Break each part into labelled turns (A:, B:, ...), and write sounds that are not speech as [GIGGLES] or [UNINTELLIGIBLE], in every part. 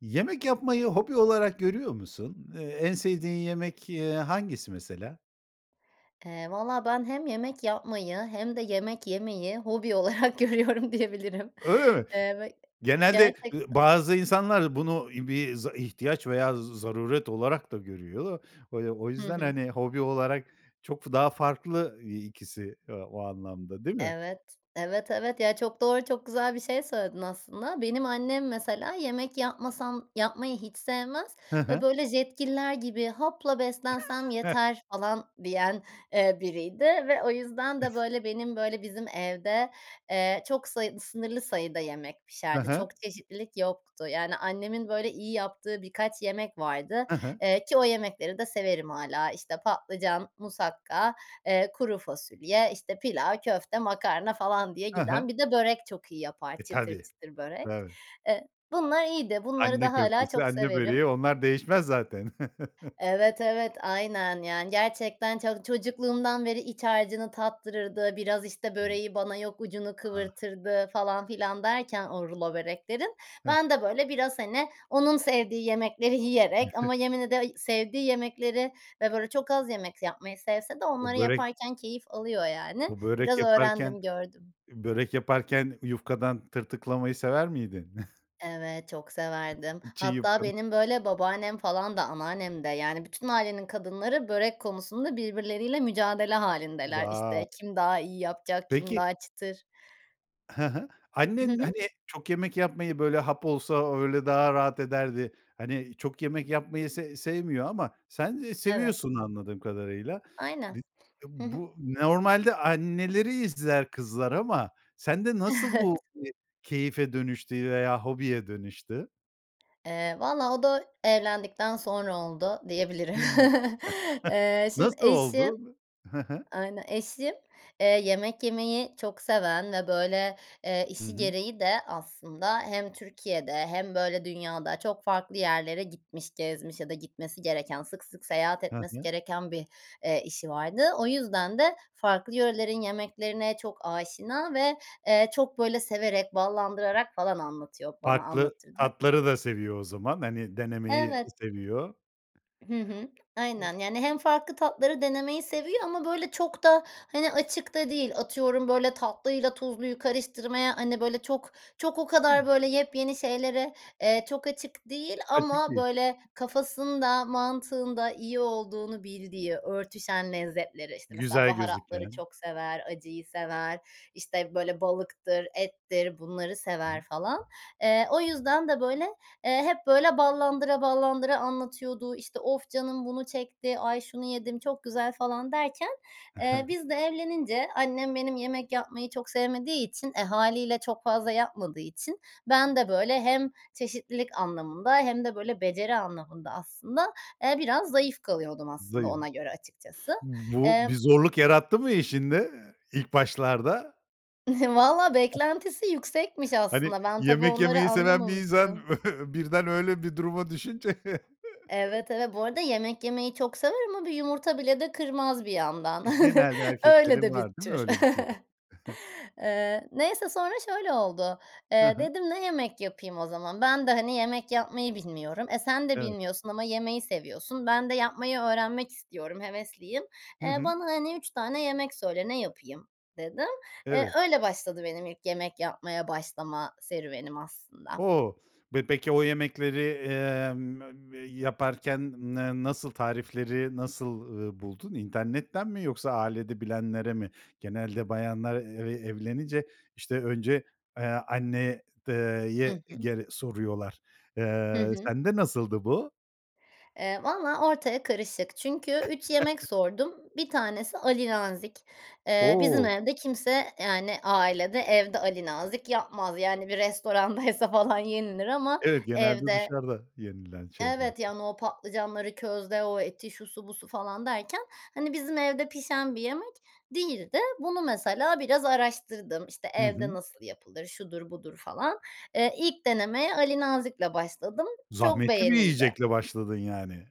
A: Yemek yapmayı hobi olarak görüyor musun? Eee, en sevdiğin yemek, eee, hangisi mesela?
B: Eee, valla ben hem yemek yapmayı hem de yemek yemeyi hobi olarak görüyorum diyebilirim.
A: Öyle mi?
B: Eee, ve
A: Genelde, ııı,
B: gerçekten.
A: bazı insanlar bunu bir z ihtiyaç veya z zaruret olarak da görüyor da. Böyle o
B: Hı
A: yüzden,
B: hı.
A: hani, hobi olarak çok f daha farklı i ikisi, ııı, o anlamda, değil mi?
B: Evet. Evet evet, ya, çok doğru çok güzel bir şey söyledin aslında. Benim annem mesela, yemek yapmasam, yapmayı hiç sevmez
A: Hı
B: ve
A: hı.
B: böyle Jetgiller gibi hapla beslensem
A: [CHUCKLES]
B: yeter falan diyen, eee, biriydi ve o yüzden de
A: [CHUCKLES]
B: böyle benim böyle bizim evde, eee, çok sayı sınırlı sayıda yemek
A: Hı
B: pişerdi.
A: hı.
B: Çok çeşitlilik yoktu. Yani annemin böyle iyi yaptığı birkaç yemek vardı,
A: Hı hı.
B: eee, ki o yemekleri de severim hâlâ. İşte patlıcan, musakka, eee, kuru fasulye, işte, pilav, köfte, makarna falan diye
A: Hı hı.
B: giden. Bir de börek çok iyi yapar,
A: E,
B: çıtır
A: tabii,
B: çıtır börek.
A: tabii.
B: Eee, bunlar iyiydi. Bunları
A: Anne
B: da hâlâ
A: köftesi,
B: çok
A: anne
B: severim.
A: böreği, onlar değişmez zaten. [CHUCKLES]
B: Evet, evet aynen. Yani, gerçekten çok çocukluğumdan beri iç harcını tattırırdı, biraz işte,
A: [UNINTELLIGIBLE]
B: böreği bana yok ucunu
A: Ah.
B: kıvırtırdı falan filan derken o rulo böreklerin,
A: He.
B: ben de böyle biraz, hani, onun sevdiği yemekleri yiyerek ama
A: [CHUCKLES]
B: yemin ede sevdiği yemekleri ve böyle çok az yemek yapmayı sevse de
A: Bu
B: onları
A: börek
B: yaparken keyif alıyor, yani
A: Bu börek
B: biraz
A: yaparken
B: öğrendim gördüm.
A: börek yaparken yufkadan tırtıklamayı sever miydin? [CHUCKLES]
B: Evet, çok severdim.
A: Çiğ
B: Hatta
A: yufkanın
B: benim böyle babaannem falan da anneannem de yani bütün ailenin kadınları börek konusunda birbirleriyle mücadele hâlindeler,
A: Wow.
B: işte. Kim daha iyi yapacak kim
A: Peki.
B: daha çıtır.
A: Hı hı.
B: Hı
A: Annen,
B: hı.
A: hani, çok yemek yapmayı böyle, hap olsa öyle daha rahat ederdi. Hani, çok yemek yapmayı se sevmiyor ama sen ı
B: Evet.
A: seviyorsun anladığım kadarıyla. B
B: Aynen.
A: bu, eee,
B: Hı hı.
A: bu normalde anneleri izler kızlar ama sende nasıl
B: Evet.
A: bu, eee, keyfe dönüştü veya hobiye dönüştü?
B: Eee, valla o da evlendikten sonra oldu
A: Hımm.
B: diyebilirim.
A: [CHUCKLES]
B: [CHUCKLES] Eee, şimdi
A: Nasıl
B: eşim
A: oldu? Hı hı.
B: aynen eşim, eee, yemek yemeyi çok seven ve böyle, eee,
A: Hı
B: işi
A: hı.
B: gereği de aslında hem Türkiye'de hem böyle dünyada çok farklı yerlere gitmiş, gezmiş ya da gitmesi gereken sık sık seyahat
A: Ha
B: etmesi
A: ha.
B: gereken bir, eee, işi vardı. O yüzden de, farklı yörelerin yemeklerine çok aşina ve, eee, çok böyle severek, ballandırarak falan anlatıyor, bana
A: Farklı
B: anlatırdı.
A: tatları da seviyor o zaman, hani, denemeyi
B: Evet.
A: seviyor.
B: Hı hı.
A: O
B: Aynen. Yani hem farklı tatları denemeyi seviyor ama böyle çok da, hani, açık da değil. Atıyorum böyle tatlıyla tuzluyu karıştırmaya, hani, böyle çok çok o
A: Hıı.
B: kadar böyle yepyeni şeylere, eee, çok açık değil
A: Açık
B: ama
A: değil.
B: böyle kafasında mantığında iyi olduğunu bildiği örtüşen lezzetleri, işte, mesela
A: Güzel
B: baharatları
A: gözüken.
B: çok sever, acıyı sever. İşte, böyle balıktır, ettir bunları
A: Hı
B: sever
A: hı.
B: falan. Eee, o yüzden de böyle, eee, hep böyle ballandıra ballandıra anlatıyordu. İşte, "Of canım bunu çekti, ay şunu yedim çok güzel." falan derken, eee,
A: [CHUCKLES]
B: biz de evlenince annem benim yemek yapmayı çok sevmediği için, e, hâliyle çok fazla yapmadığı için ben de böyle hem çeşitlilik anlamında hem de böyle beceri anlamında aslında, eee, biraz zayıf kalıyordum aslında
A: Zayıf.
B: ona göre açıkçası.
A: Bu
B: Emm.
A: bir zorluk yarattı mı eşinde, ilk başlarda?
B: [CHUCKLES] Valla
A: [GIGGLES]
B: beklentisi yüksekmiş
A: Hani,
B: aslında. Ben tabii
A: yemek
B: onları
A: yemeyi seven bir insan
B: anlamamıştım.
A: [CHUCKLES] birden öyle bir duruma düşünce. [CHUCKLES]
B: Evet, evet. Bu arada yemek yemeyi çok sever ama bir yumurta bile de kırmaz bir yandan.
A: E,
B: [CHUCKLES]
A: genelde
B: Öyle
A: erkeklerin
B: de bir
A: var, değil mi
B: tür.
A: öyle bir şeyi?
B: [CHUCKLES]
A: [CHUCKLES]
B: Eee, neyse, sonra şöyle oldu.
A: Hı
B: Eee,
A: hı.
B: dedim ne yemek yapayım o zaman? Ben de, hani, yemek yapmayı bilmiyorum. E, sen de
A: Evet.
B: bilmiyorsun ama yemeyi seviyorsun. Ben de yapmayı öğrenmek istiyorum, hevesliyim.
A: Hı
B: Eee,
A: hı.
B: bana, hani, 3 tane yemek söyle, ne yapayım dedim. Eee,
A: Evet.
B: öyle başladı benim ilk yemek yapmaya başlama serüvenim aslında.
A: O, ve peki o yemekleri, emm, mem m yaparken n nasıl, tarifleri nasıl, ııı, buldun? İnternetten mi yoksa ailede bilenlere mi? Genelde bayanlar eve evlenince, işte, önce, eee, anne ııı, ye
B: Hı
A: e
B: hı.
A: gere soruyorlar.
B: Hı
A: Eee,
B: hı.
A: sende nasıldı bu?
B: Eee, valla ortaya karışık çünkü 3 yemek
A: [CHUCKLES]
B: sordum. Bir tanesi Ali Nazik. Eee, bizim
A: O!
B: evde kimse, yani, ailede, evde Ali Nazik yapmaz. Yani, bir restorandaysa falan yenilir ama
A: Evet, genelde
B: evde
A: dışarıda yenilen şeyleri de
B: Evet yani o patlıcanları közde o eti şusu busu falan derken, hani, bizim evde pişen bir yemek değildi. Bunu mesela biraz araştırdım. İşte,
A: Hı
B: evde
A: hı.
B: nasıl yapılır, şudur budur falan. Eee, ilk denemeye Ali Nazikle başladım. Çok
A: Zahmetli bir
B: beğenildi.
A: yiyecekle başladın yani.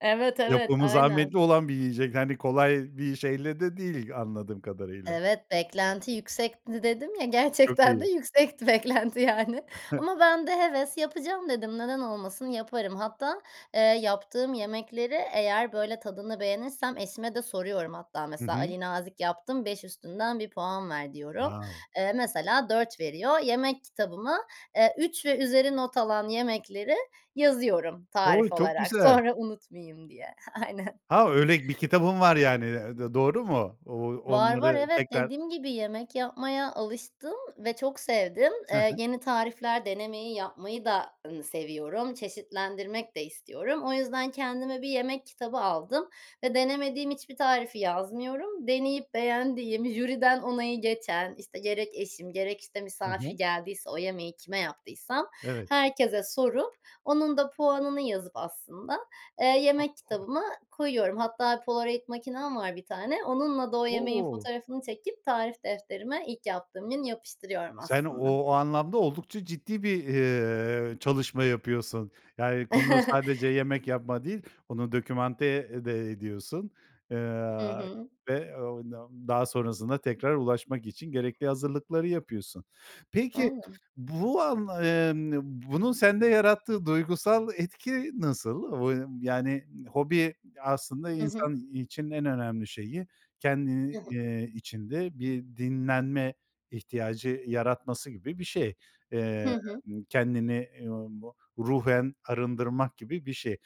B: Evet, evet,
A: Yapımı
B: aynen.
A: zahmetli olan bir yiyecek, hani kolay bir şeyle de değil anladığım kadarıyla.
B: Evet, beklenti yüksekti dedim ya,
A: Çok
B: gerçekten de
A: iyi.
B: yüksekti beklenti, yani.
A: [CHUCKLES]
B: Ama ben de heves yapacağım dedim, neden olmasın, yaparım. Hatta, eee, yaptığım yemekleri eğer böyle tadını beğenirsem eşime de soruyorum. Hatta,
A: Hı
B: mesela,
A: hı.
B: Ali Nazik yaptım, 5 üstünden bir puan ver diyorum.
A: Wow!
B: Eee, mesela 4 veriyor. Yemek kitabıma, eee, 3 ve üzeri not alan yemekleri yazıyorum
A: Oy,
B: tarif
A: çok
B: olarak.
A: güzel!
B: Sonra unutmayayım diye. Aynen.
A: Ha, öyle bir kitabın var yani, d doğru mu? O
B: Var, var,
A: onları
B: evet.
A: tekrar
B: Dediğim gibi yemek yapmaya alıştım ve çok sevdim.
A: Hı
B: Eee,
A: hı.
B: yeni tarifler denemeyi, yapmayı da, ııı, seviyorum, çeşitlendirmek de istiyorum. O yüzden kendime bir yemek kitabı aldım ve denemediğim hiçbir tarifi yazmıyorum. Deneyip beğendiğim, jüriden onayı geçen, işte, gerek eşim, gerek, işte,
A: Hı
B: misafir
A: hı.
B: geldiyse o yemeği kime yaptıysam
A: Evet.
B: herkese sorup onun da puanını yazıp aslında, eee, yemek
A: [UNINTELLIGIBLE]
B: kitabıma koyuyorum. Hatta poloraid makinem var bir tane. Onunla da o yemeğin
A: O!
B: fotoğrafını çekip tarif defterime ilk yaptığım gün yapıştırıyorum
A: Sen
B: aslında.
A: o anlamda oldukça ciddi bir, eee, çalışma yapıyorsun. Yani, konu sadece
B: [CHUCKLES]
A: yemek yapma değil, onu documenté de ediyorsun,
B: Hı
A: eee,
B: hı.
A: ve [UNINTELLIGIBLE] daha sonrasında tekrar ulaşmak için gerekli hazırlıkları yapıyorsun. Peki,
B: Aynen.
A: bu an emm, bunun sende yarattığı duygusal etki nasıl? [UNINTELLIGIBLE] Yani, hobi aslında
B: Hı hı.
A: insan için en önemli şeyi, ken
B: Hı hı.
A: iii, içinde bir dinlenme ihtiyacı yaratması gibi bir şey.
B: Hı
A: Emm,
B: hı.
A: kendini [UNINTELLIGIBLE] ruhen arındırmak gibi bir şey.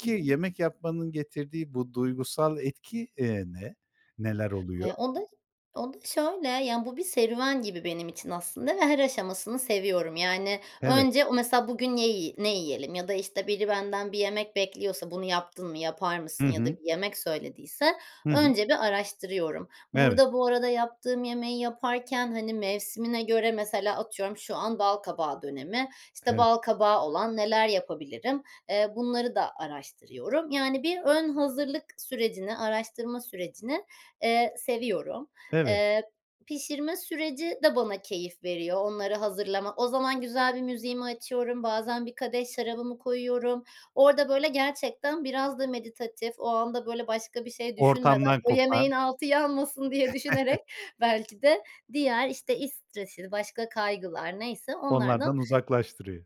B: Hı hı.
A: yemek yapmanın getirdiği bu duygusal etki, eee, ne? Neler oluyor?
B: Eee, onda onda şöyle. Yani, bu bir serüven gibi benim için aslında ve her aşamasını seviyorum. Yani,
A: Evet.
B: önce, mesela, bugün ne yi ne yiyelim ya da, işte, biri benden bir yemek bekliyorsa, bunu yaptın mı, yapar
A: Hı
B: mısın ya da
A: hı.
B: bir yemek söylediyse
A: Hı hı.
B: önce bir araştırıyorum.
A: Evet.
B: Burada bu arada yaptığım yemeği yaparken, hani, mevsimine göre, mesela, atıyorum, şu an balkabağı dönemi, işte,
A: Evet.
B: balkabağı olan neler yapabilirim, eee, bunları da araştırıyorum. Yani, bir ön hazırlık sürecini, araştırma sürecini, eee, seviyorum.
A: Evet.
B: Eee, pişirme süreci de bana keyif veriyor, onları hazırlama. O zaman güzel bir müziğimi açıyorum. Bazen bir kadeh şarabımı koyuyorum. Orada böyle gerçekten biraz da meditatif, o anda böyle başka bir şey düşünmeden,
A: Ortamdan
B: o yemeğin
A: kopan.
B: altı yanmasın diye düşünerek
A: [CHUCKLES]
B: belki de diğer, işte, iş stresiydi, başka kaygılar neyse onlardan
A: Onlardan uzaklaştırıyor.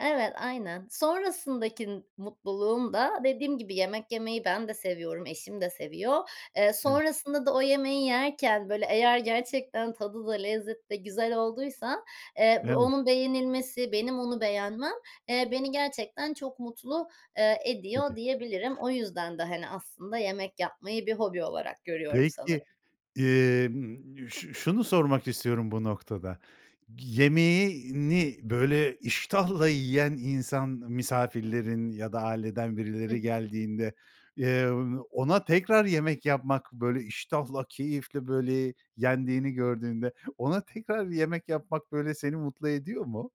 B: Evet, aynen. Sonrasındaki mutluluğum da, dediğim gibi, yemek yemeyi ben de seviyorum, eşim de seviyor. Eee,
A: En
B: sonrasında da o yemeği yerken böyle, eğer gerçekten tadı da lezzetli, güzel olduysa, eee, b
A: Evet.
B: onun beğenilmesi, benim onu beğenmem, eee, beni gerçekten çok mutlu, eee,
A: Dedi.
B: ediyor diyebilirim. O yüzden de, hani, aslında yemek yapmayı bir hobi olarak görüyorum
A: Peki,
B: sanırım.
A: emm, ş şunu sormak istiyorum bu noktada. Yemeğini böyle iştahla yiyen insan, misafirlerin ya da aileden
B: Hı
A: birileri
B: hı.
A: geldiğinde, eee, ona tekrar yemek yapmak, böyle iştahla, keyifle böyle yendiğini gördüğünde ona tekrar yemek yapmak böyle seni mutlu ediyor mu?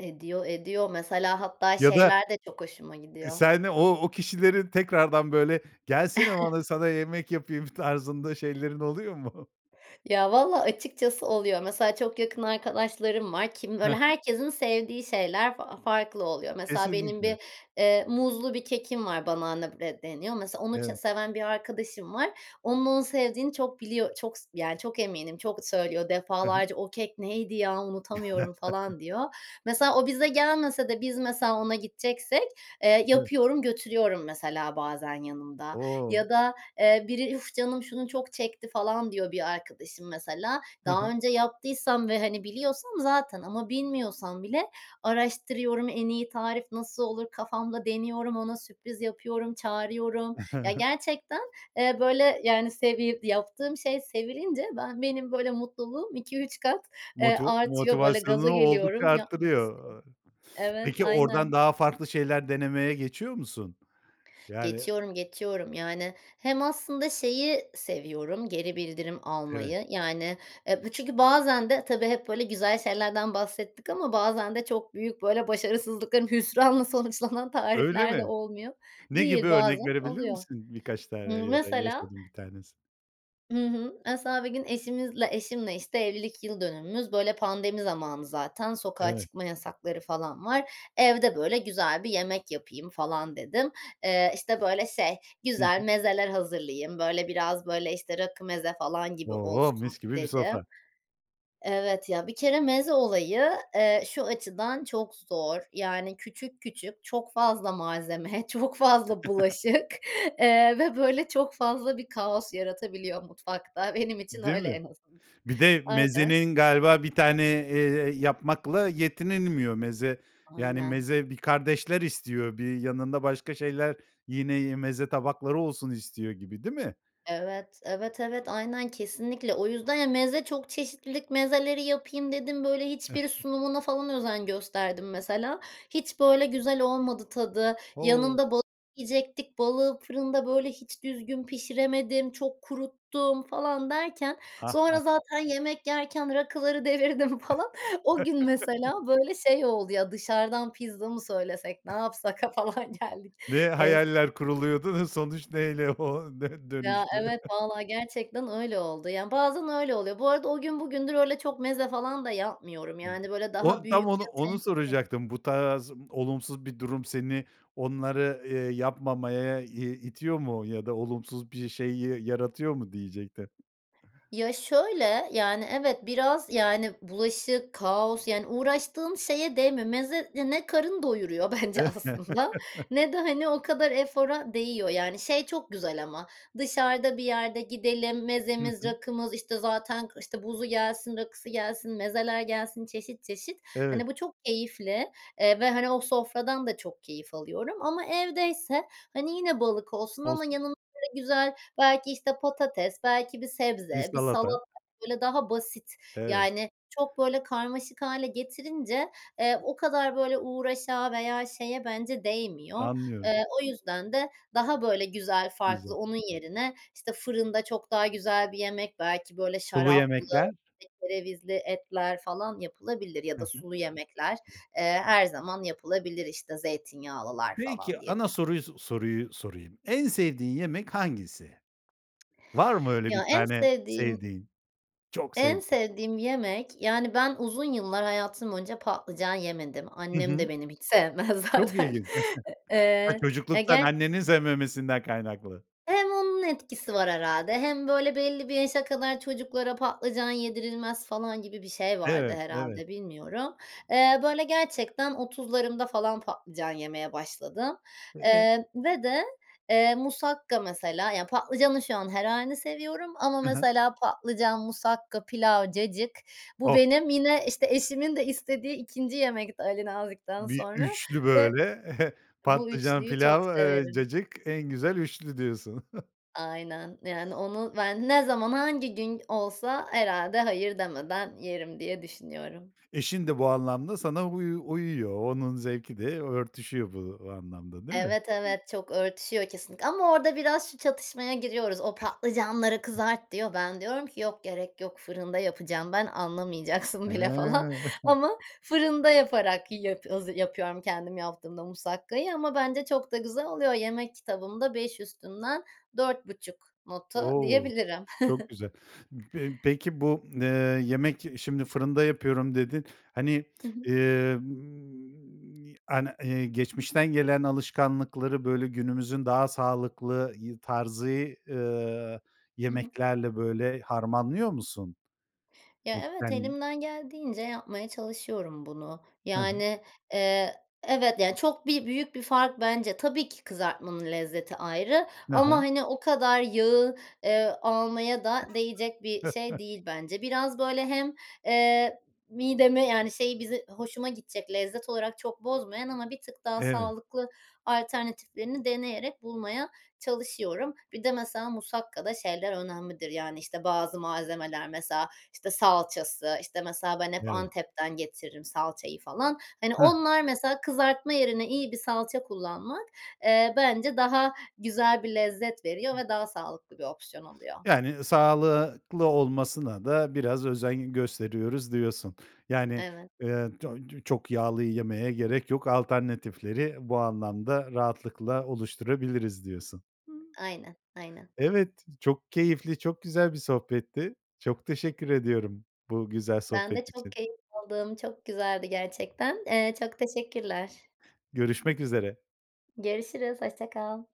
B: Ediyor, ediyor. Mesela hatta
A: Ya da,
B: şeyler de çok hoşuma
A: e,
B: gidiyor.
A: sen o o kişilerin tekrardan böyle, gelsene bana
B: [CHUCKLES]
A: sana yemek yapayım tarzında şeylerin oluyor mu? [CHUCKLES]
B: Ya, valla, açıkçası oluyor. Mesela çok yakın arkadaşlarım var. Kim
A: Hı
B: böyle,
A: hı.
B: herkesin sevdiği şeyler fa farklı oluyor. Mesela benim bir,
A: Kesinlikle.
B: eee, muzlu bir kekim var, banana bread deniyor. Mesela onu ç
A: Evet.
B: seven bir arkadaşım var. Onun onu sevdiğini çok biliyor çok s yani, çok eminim. Çok söylüyor,
A: Hı hı.
B: defalarca, “O kek neydi ya, unutamıyorum.” falan diyor.
A: [CHUCKLES]
B: Mesela o bize gelmese de biz, mesela, ona gideceksek, eee,
A: Evet.
B: yapıyorum, götürüyorum mesela bazen yanımda
A: O!
B: ya da, eee, biri, “Üf, canım şunu çok çekti.” falan diyor, bir arkadaşım mesela.
A: Hı
B: Daha
A: hı.
B: önce yaptıysam ve, hani, biliyorsam zaten ama bilmiyorsam bile araştırıyorum, en iyi tarif nasıl olur, kafamda deniyorum, ona sürpriz yapıyorum, çağırıyorum. Ya, gerçekten,
A: [CHUCKLES]
B: eee, böyle, yani, sevi yaptığım şey sevilince ben benim böyle mutluluğum 2-3 kat, eee,
A: Moti
B: artıyor. Böyle gaza
A: motivasyonunu oldukça
B: geliyorum, yapmak istiyorum.
A: arttırıyor.
B: Evet,
A: Peki oradan
B: aynen.
A: daha farklı şeyler denemeye geçiyor musun? Yani
B: Geçiyorum, geçiyorum. Yani, hem aslında şeyi seviyorum, geri bildirim
A: Evet.
B: almayı. Yani, e, bu çünkü bazen de tabii hep böyle güzel şeylerden bahsettik ama bazen de çok büyük, böyle başarısızlıkların, hüsranla sonuçlanan
A: Öyle
B: tarifler de
A: mi?
B: olmuyor
A: Ne gibi
B: değil.
A: örnek
B: Bazen
A: verebilir
B: oluyor.
A: misin birkaç tane
B: Imm,
A: ya da
B: mesela
A: yaşadığın 1 tanesi?
B: Hı hı. Mesela bir gün eşimizle eşimle, işte, evlilik yıl dönümümüz, böyle pandemi zamanı, zaten sokağa
A: Evet.
B: çıkma yasakları falan var. Evde böyle güzel bir yemek yapayım falan dedim. Eee, işte, böyle şey,
A: Hı
B: güzel
A: hı.
B: mezeler hazırlayayım. Böyle biraz, böyle, işte, rakı, meze falan gibi
A: O!
B: olsun
A: Mis gibi bir
B: dedim.
A: sofra.
B: Evet ya. Bir kere meze olayı, eee, şu açıdan çok zor. Yani, küçük küçük çok fazla malzeme, çok fazla bulaşık,
A: [CHUCKLES]
B: eee, ve böyle çok fazla bir kaos yaratabiliyor mutfakta. Benim için
A: Değil
B: öyle
A: mi?
B: en azından.
A: Bir de
B: Aynen.
A: mezenin galiba 1 tane, eee, yapmakla yetinilmiyor. Meze, yani,
B: Aynen.
A: meze bir kardeşler istiyor, bir yanında başka şeyler yine meze tabakları olsun istiyor gibi değil mi?
B: Evet, evet, evet, aynen, kesinlikle. O yüzden, ya, meze, çok çeşitlilik, mezeleri yapayım dedim. Böyle, hiçbiri
A: [CHUCKLES]
B: sunumuna falan özen gösterdim mesela. Hiç böyle güzel olmadı tadı.
A: O!
B: Yanında balığı yiyecektik. Balığı fırında böyle hiç düzgün pişiremedim, çok kuruttum falan derken
A: Ah, a
B: sonra zaten yemek yerken rakıları devirdim falan. O gün mesela
A: [CHUCKLES]
B: böyle şey oldu, "Ya, dışarıdan pizza mı söylesek, ne
A: [SCOFFS]
B: yapsak?" a falan, geldik.
A: Ne
B: En s
A: hayaller kuruluyordu, sonuç neyle o dö
B: Ya,
A: dönüştü?
B: evet, valla, gerçekten öyle oldu. Yani bazen öyle oluyor. Bu arada o gün bugündür öyle çok meze falan da yapmıyorum. Yani böyle daha
A: O tam
B: büyük
A: onu
B: ya
A: onu
B: tencere
A: soracaktım, bu tarz olumsuz bir durum seni onları, eee, yapmamaya i itiyor mu ya da olumsuz bir şey y yaratıyor mu diyecektim.
B: Ya, şöyle, yani, evet, biraz, yani, bulaşık, kaos, yani, uğraştığın şeye değmiyor. Meze ya ne karın doyuruyor bence aslında
A: [CHUCKLES]
B: ne de, hani, o kadar efora değiyor. Yani, şey çok güzel ama dışarıda bir yerde gidelim,
A: Hı
B: mezemiz,
A: hı.
B: rakımız, işte, zaten, işte, buzu gelsin, rakısı gelsin, mezeler gelsin çeşit çeşit.
A: Evet.
B: Hani, bu çok keyifli, eee, ve, hani, o sofradan da çok keyif alıyorum ama evdeyse, hani, yine balık olsun ama
A: Olsun.
B: yanına böyle güzel, belki, işte, patates, belki bir
A: Bir
B: sebze, bir
A: salata.
B: salata, böyle daha basit.
A: Evet.
B: Yani, çok böyle karmaşık hâle getirince, eee, o kadar böyle uğraşa veya şeye bence değmiyor.
A: Anlıyorum.
B: Eee, o yüzden de daha böyle güzel,
A: Güzel.
B: farklı, onun yerine, işte, fırında çok daha güzel bir yemek, belki böyle
A: Sulu
B: şaraplı,
A: yemekler?
B: işte, kerevizli etler falan yapılabilir ya
A: Hı
B: da
A: hı.
B: sulu yemekler,
A: [UNINTELLIGIBLE]
B: eee, her zaman yapılabilir. İşte, zeytinyağlılar
A: Peki,
B: falan diye
A: ana soruyu soruyu sorayım. En sevdiğin yemek hangisi? Var mı öyle bir
B: Ya en
A: tane
B: sevdiğim
A: sevdiğin, çok
B: En
A: sevdiğin?
B: sevdiğim yemek yani ben uzun yıllar hayatım boyunca patlıcan yemedim.
A: Hı
B: Annem de
A: hı.
B: benim hiç sevmez
A: Çok
B: zaten.
A: ilginç. [CHUCKLES] Ha,
B: Eee, ya
A: çocukluktan
B: ge
A: annenin sevmemesinden kaynaklı.
B: Hem onun etkisi var herhâlde. Hem böyle belli bir yaşa kadar çocuklara patlıcan yedirilmez falan gibi bir şey vardı
A: Evet, evet.
B: herhâlde, bilmiyorum. Eee, böyle gerçekten 30'larımda falan patlıcan yemeye başladım.
A: [UNINTELLIGIBLE]
B: Eee, ve de, eee, musakka mesela, ya, patlıcanın şu an her hâlini seviyorum ama
A: Hı hı.
B: mesela patlıcan musakka, pilav, cacık, bu
A: Oh.
B: benim yine, işte, eşimin de istediği 2'nci yemekti Ali Nazik'ten
A: Bir
B: sonra
A: 3'lü
B: ve
A: böyle. [CHUCKLES]
B: bu
A: Patlıcan,
B: 3'lüyü çok
A: pilav, eee,
B: severim.
A: cacık, en güzel 3'lü diyorsun. [CHUCKLES]
B: Aynen yani onu ben ne zaman hangi gün olsa herhâlde hayır demeden yerim diye düşünüyorum.
A: Eşin de bu anlamda sana uyu uyuyor, onun zevki de örtüşüyor bu anlamda değil mi?
B: Evet, evet, çok örtüşüyor kesinlikle ama orada biraz şu çatışmaya giriyoruz. O, patlıcanları
A: [CHUCKLES]
B: kızart diyor. Ben diyorum ki, “Yok, gerek yok, fırında yapacağım ben, anlamayacaksın bile.” falan
A: Hıı! [CHUCKLES]
B: ama fırında yaparak yip haz yapıyorum kendim yaptığımda musakkayı ama bence çok da güzel oluyor. Yemek kitabımda 5 üstünden 4,5 notu
A: O!
B: diyebilirim.
A: Çok
B: [CHUCKLES]
A: güzel. P peki, bu, eee, yemek, şimdi fırında yapıyorum dedin. Hani,
B: Hı hı.
A: emm, ani geçmişten gelen alışkanlıkları böyle günümüzün daha sağlıklı y tarzı, eee,
B: Hı hı.
A: yemeklerle böyle harmanlıyor musun?
B: Ya, evet,
A: [UNINTELLIGIBLE]
B: elimden geldiğince yapmaya çalışıyorum bunu.
A: Hı hı.
B: Yani, eee, evet ya, çok bi büyük bir fark bence. Tabii ki kızartmanın lezzeti ayrı
A: Hı
B: ama,
A: hı.
B: hani, o kadar yağı, eee, almaya da değecek bir şey
A: [CHUCKLES]
B: değil bence. Biraz böyle hem, eee, midemi, yani, şey, bizi hoşuma gidecek lezzet olarak çok bozmayan ama bir tık daha
A: Evet.
B: sağlıklı alternatiflerini deneyerek bulmaya çalışıyorum. Bir de, mesela, musakkada şeyler önemlidir. Yani, işte, bazı malzemeler, mesela, işte, salçası, işte, mesela ben hep
A: Evet.
B: Antep'ten getiririm salçayı falan. Hani,
A: Hıh.
B: onlar, mesela, kızartma yerine iyi bir salça kullanmak, eee, bence daha güzel bir lezzet veriyor ve daha sağlıklı bir opsiyon oluyor.
A: Yani sağlıklı olmasına da biraz özen gösteriyoruz diyorsun. Yani,
B: Evet.
A: eee, ç çok yağlı yemeye gerek yok alternatifleri bu anlamda rahatlıkla oluşturabiliriz diyorsun.
B: Aynen, aynen.
A: Evet, çok keyifli, çok güzel bir sohbetti. Çok teşekkür ediyorum bu güzel
B: Ben
A: sohbet
B: de çok
A: için.
B: keyif aldım. Çok güzeldi gerçekten, eee, çok teşekkürler.
A: Görüşmek üzere.
B: Görüşürüz, hoşça kal.